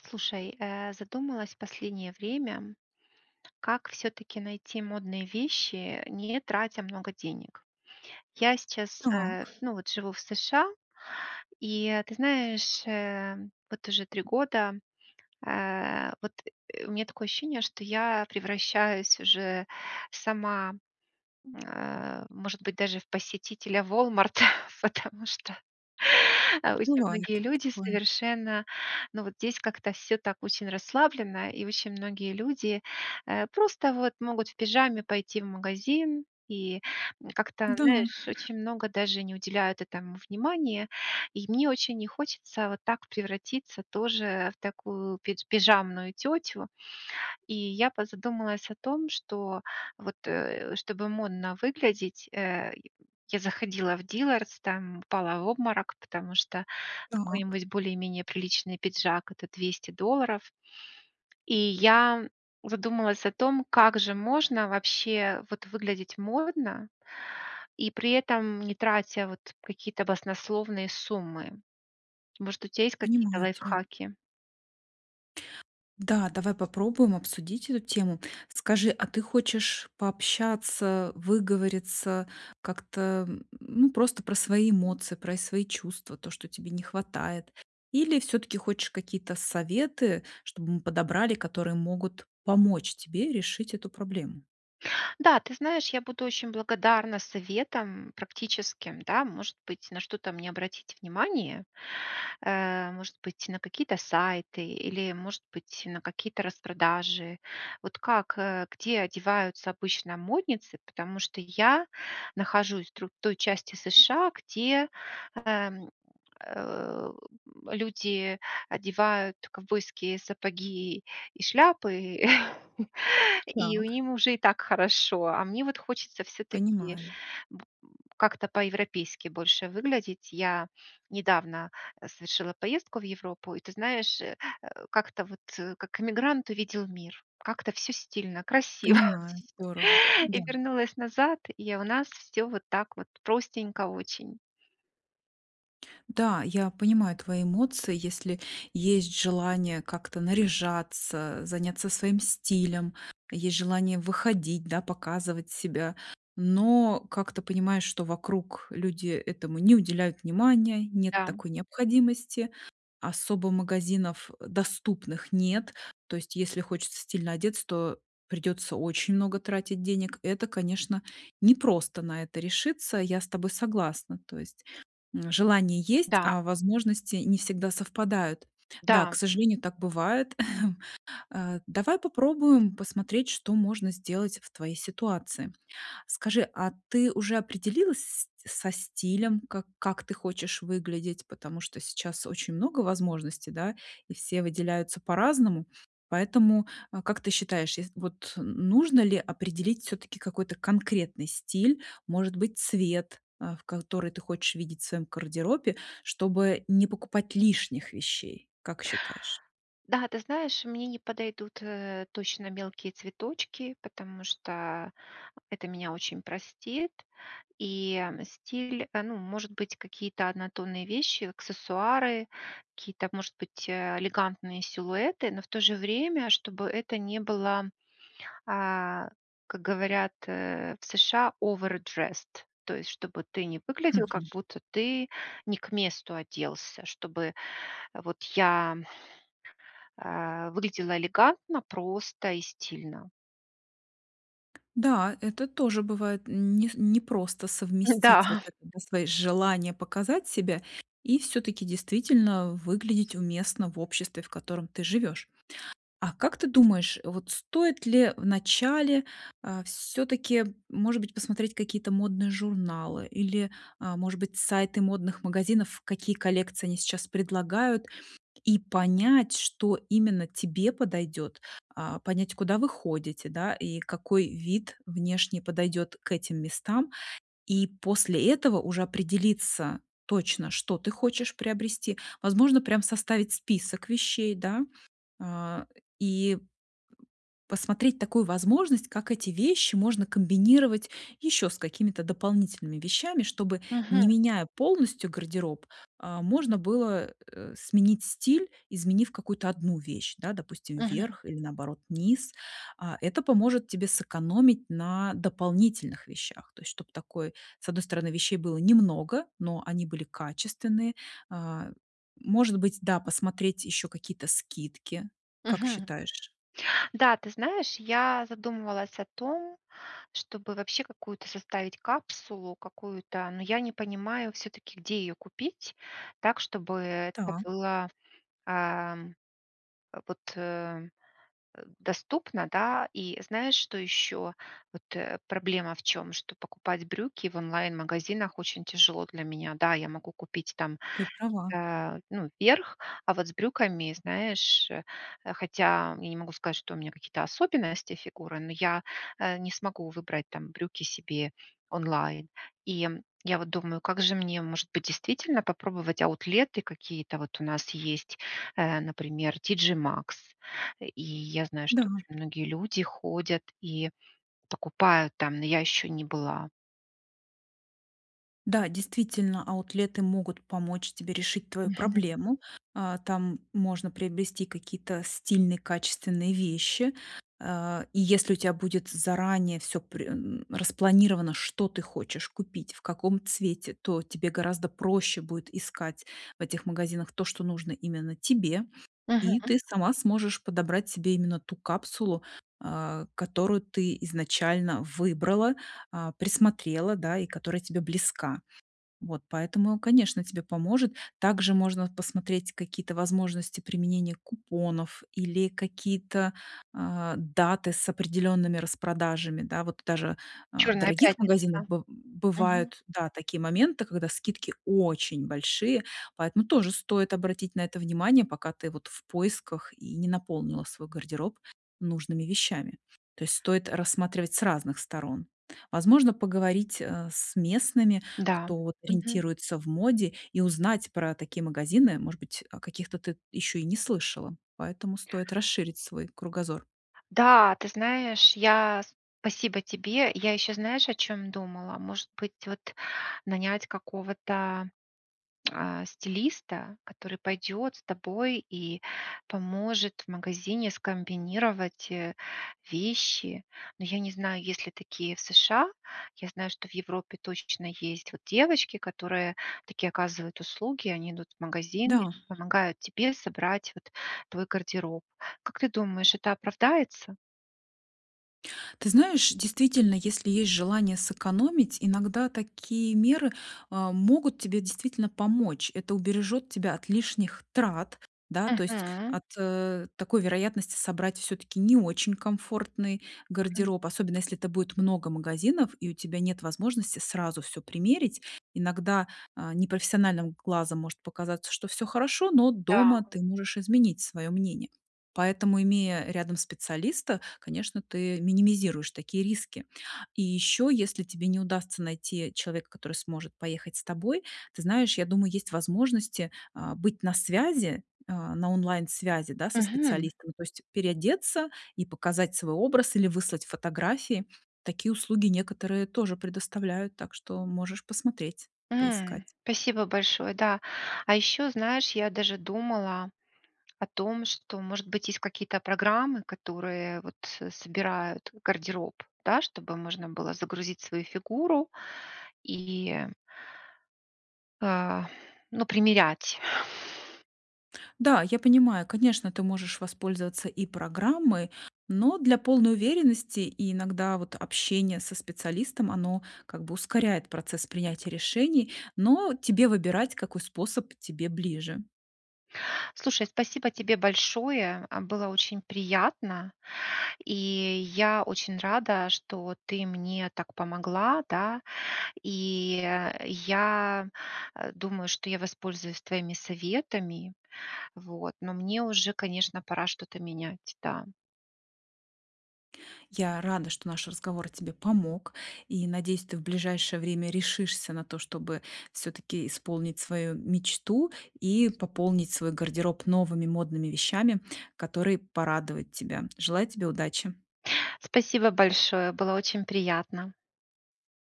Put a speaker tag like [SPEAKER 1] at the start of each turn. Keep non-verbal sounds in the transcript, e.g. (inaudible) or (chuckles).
[SPEAKER 1] Слушай, э, задумалась в последнее время как всё-таки найти модные вещи, не тратя много денег? Я сейчас, э,
[SPEAKER 2] Так.
[SPEAKER 1] ну вот, живу в США, и, ты знаешь, э, вот уже 3 года, э, вот, (grunts) у меня такое ощущение, что я превращаюсь уже сама, э может быть, даже в посетителя "Волмарта", потому что а, осень
[SPEAKER 2] Бывает
[SPEAKER 1] многие люди
[SPEAKER 2] такое.
[SPEAKER 1] совершенно, ну вот, здесь как-то всё так очень расслабленно, и очень многие люди, э, просто, вот, могут в пижаме пойти в магазин, и, м, как-то,
[SPEAKER 2] Да.
[SPEAKER 1] знаешь, очень много даже не уделяют этому внимания. И мне очень не хочется вот так превратиться тоже в такую пидж пижамную тётю, и я позадумалась о том, что, вот, э, чтобы модно выглядеть, э, я заходила в "Диллардс", там упала в обморок, потому что
[SPEAKER 2] Так.
[SPEAKER 1] какой-нибудь более-менее приличный пиджак это 200 долларов. И я задумалась о том, как же можно, вообще вот, выглядеть модно, и при этом не тратя, вот, какие-то баснословные суммы. Может, у тя есть какие-то
[SPEAKER 2] Понимаю тебя.
[SPEAKER 1] лайфхаки?
[SPEAKER 2] Да, давай попробуем обсудить эту тему. Скажи, а ты хочешь пообщаться, выговориться как-то, м м, ну, просто про свои эмоции, про и свои чувства, то, что тебе не хватает? Или всё-таки хочешь какие-то советы, чтобы мы подобрали, которые могут помочь тебе решить эту проблему?
[SPEAKER 1] Да, ты знаешь, я буду очень благодарна советам практическим, да, может быть, на что-то мне обратить внимание, э, может быть, на какие-то сайты или, может быть, на какие-то распродажи. Вот как, э, где одеваются обычно модницы, потому что я нахожусь в др той части США, где, эм, э, люди одевают ковбойские сапоги и шляпы, (chuckles) и у
[SPEAKER 2] Так.
[SPEAKER 1] ним уже и так хорошо. А мне, вот, хочется всё-таки
[SPEAKER 2] Понимаю.
[SPEAKER 1] б м как-то по-европейски больше выглядеть. Я недавно совершила поездку в Европу, и, ты знаешь, э э, как-то, вот, как эмигрант увидел мир. Как-то всё стильно, красиво.
[SPEAKER 2] Понимаю, здорово.
[SPEAKER 1] И
[SPEAKER 2] Да.
[SPEAKER 1] вернулась назад, и у нас всё вот так вот простенько очень.
[SPEAKER 2] Да, я понимаю твои эмоции. Если есть желание как-то наряжаться, заняться своим стилем, есть желание выходить, да, показывать себя, но как-то понимаешь, что вокруг люди этому не уделяют внимания, нет
[SPEAKER 1] Да.
[SPEAKER 2] такой необходимости. Особо магазинов, э, доступных нет. То есть если хочется стильно одеться, то придётся очень много тратить денег. Это, конечно, не просто на это решиться. Я с тобой согласна, то есть, м, желание есть,
[SPEAKER 1] Да.
[SPEAKER 2] а возможности не всегда совпадают. Да, к
[SPEAKER 1] Да.
[SPEAKER 2] сожалению, так бывает. (chuckles) Э, давай попробуем посмотреть, что можно сделать в твоей ситуации. Скажи, а ты уже определилась с со стилем, как как ты хочешь выглядеть? Потому что сейчас очень много возможностей, да, и все выделяются по-разному. Поэтому, э, как ты считаешь, ес вот, н нужно ли определить всё-таки какой-то конкретный стиль, может быть, цвет, э, в который ты хочешь видеть в своём гардеробе, чтобы не покупать лишних вещей, как считаешь?
[SPEAKER 1] Да, ты знаешь, мне не подойдут, э, точно мелкие цветочки, потому что это меня очень простит. И стиль, ну, может быть, какие-то однотонные вещи, аксессуары, какие-то, может быть, э, элегантные силуэты. Но в то же время, чтобы это не было, а, как говорят, э, в США: овэрдресд. То есть чтобы ты не выглядел, как
[SPEAKER 2] Мгм.
[SPEAKER 1] будто ты не к месту оделся, чтобы вот я а, выглядела элегантно, просто и стильно.
[SPEAKER 2] Да, это тоже бывает, нес непросто
[SPEAKER 1] М-да,
[SPEAKER 2] совместить вот
[SPEAKER 1] а.
[SPEAKER 2] это, да, свои желания показать себя и всё-таки действительно выглядеть уместно в обществе, в котором ты живешь. А как ты думаешь, вот стоит ли вначале, а, всё-таки, может быть, посмотреть какие-то модные журналы или, а, может быть, сайты модных магазинов, какие коллекции они сейчас предлагают, и понять, что именно тебе подойдет, а, понять, куда вы ходите, да, и какой вид внешний подойдет к этим местам? И после этого уже определиться точно, что ты хочешь приобрести. Возможно, прям составить список вещей, да, а, и посмотреть такую возможность, как эти вещи можно комбинировать еще с какими-то дополнительными вещами, чтобы,
[SPEAKER 1] Мгм.
[SPEAKER 2] не меняя полностью гардероб, а, можно было, э, сменить стиль, изменив какую-то 1 вещь, да, допустим,
[SPEAKER 1] Мгм.
[SPEAKER 2] вверх или, наоборот, низ. А, это поможет тебе сэкономить на дополнительных вещах. То есть чтоб такой, с одной стороны, вещей было немного, но они были качественные. А, может быть, да, посмотреть еще какие-то скидки, как
[SPEAKER 1] Мгм.
[SPEAKER 2] считаешь?
[SPEAKER 1] Да, ты знаешь, я задумывалась о том, чтобы вообще какую-то составить капсулу какую-то, но я не понимаю всё-таки, где ее купить так, чтобы это
[SPEAKER 2] Так.
[SPEAKER 1] было, эм, а, вот, э, э, доступно, да. И знаешь, что еще? Вот, э, проблема в чём? Что покупать брюки в онлайн-магазинах очень тяжело для меня. Да, я могу купить там,
[SPEAKER 2] Ты права.
[SPEAKER 1] э, ну, верх, а вот с брюками, знаешь, хотя я не могу сказать, что у меня какие-то особенности фигуры, но я, э, не смогу выбрать там брюки себе онлайн. И, м, я вот думаю, как же мне, может быть, действительно попробовать аутлеты какие-то. Вот у нас есть, э, например, TG Max, э, и я знаю,
[SPEAKER 2] Да.
[SPEAKER 1] что очень многие люди ходят и покупают там, но я еще не была.
[SPEAKER 2] Да, действительно, аутлеты могут помочь тебе решить твою
[SPEAKER 1] Мгм.
[SPEAKER 2] проблему. А, там можно приобрести какие-то стильные, качественные вещи. А, и если у тебя будет заранее всё пре (grunts) распланировано, что ты хочешь купить, в каком цвете, то тебе гораздо проще будет искать в этих магазинах то, что нужно именно тебе, и
[SPEAKER 1] Мгм.
[SPEAKER 2] ты сама сможешь подобрать себе именно ту капсулу, а, которую ты изначально выбрала, а, присмотрела, да, и которая тебе близка. Вот поэтому, конечно, тебе поможет. Также можно посмотреть какие-то возможности применения купонов или какие-то, а, даты с определёнными распродажами. Да, вот даже, а, в
[SPEAKER 1] Чёрная
[SPEAKER 2] дорогих магазинах
[SPEAKER 1] пятница.
[SPEAKER 2] бы
[SPEAKER 1] Мгм.
[SPEAKER 2] бывают, да, такие моменты, когда скидки очень большие, поэтому тоже стоит обратить на это внимание, пока ты вот в поисках и не наполнила свой гардероб нужными вещами. То есть стоит рассматривать с разных сторон. Возможно поговорить, а, с местными,
[SPEAKER 1] Да,
[SPEAKER 2] кто
[SPEAKER 1] мгм.
[SPEAKER 2] ориентируется в моде, и узнать про такие магазины, может быть о каких-то ты ещё и не слышала. Поэтому стоит расширить свой кругозор.
[SPEAKER 1] Да, ты знаешь, я спасибо тебе. Я ещё знаешь, о чём думала, может быть вот нанять какого-то, а, стилиста, который пойдёт с тобой и поможет в магазине скомбинировать, э, вещи, но я не знаю, есть ли такие в США, я знаю, что в Европе точно есть вот девочки, которые такие оказывают услуги, они идут в магазин и
[SPEAKER 2] Да.
[SPEAKER 1] помогают тебе собрать вот твой гардероб. Как ты думаешь, это оправдается?
[SPEAKER 2] Ты знаешь, действительно, если есть желание сэкономить, иногда такие меры, а, могут тебе действительно помочь. Это убережёт тебя от лишних трат, да, то есть
[SPEAKER 1] Мгм.
[SPEAKER 2] от, э, такой вероятности собрать всё-таки не очень комфортный
[SPEAKER 1] Мгм.
[SPEAKER 2] гардероб, особенно если это будет много магазинов и у тебя нет возможности сразу всё примерить. Иногда, а, непрофессиональным глазом может показаться, что всё хорошо, но дома
[SPEAKER 1] Да.
[SPEAKER 2] ты можешь изменить свое мнение. Поэтому, имея рядом специалиста, конечно, ты минимизируешь такие риски. И ещё, если тебе не удастся найти человека, который сможет поехать с тобой, ты знаешь, я думаю, есть возможности, а, быть на связи, а, на онлайн-связи, да, со
[SPEAKER 1] Мгм.
[SPEAKER 2] специалистами, то есть переодеться и показать свой образ или выслать фотографии. Такие услуги некоторые тоже предоставляют, так что можешь посмотреть, поискать.
[SPEAKER 1] М, спасибо большое, да. А ещё, знаешь, я даже думала о том, что может быть есть какие-то программы, которые, вот собирают гардероб, да, чтобы можно было загрузить свою фигуру и, э, ну, примерять?
[SPEAKER 2] Да, я понимаю, конечно, ты можешь воспользоваться и программой, но для полной уверенности иногда вот общение со специалистом, оно как бы ускоряет процесс принятия решений, но тебе выбирать, какой способ тебе ближе.
[SPEAKER 1] Слушай, спасибо тебе большое, а, было очень приятно, и я очень рада, что вот ты мне так помогла, да, и я, э, думаю, что я воспользуюсь твоими советами, вот, но мне уже, конечно, пора что-то менять, да.
[SPEAKER 2] Я рада, что наш разговор тебе помог, и, надеюсь, ты в ближайшее время решишься на то, чтобы всё-таки исполнить свою мечту и пополнить свой гардероб новыми модными вещами, которые порадовать тебя. Желаете тебе удачи!
[SPEAKER 1] Спасибо большое, было очень приятно.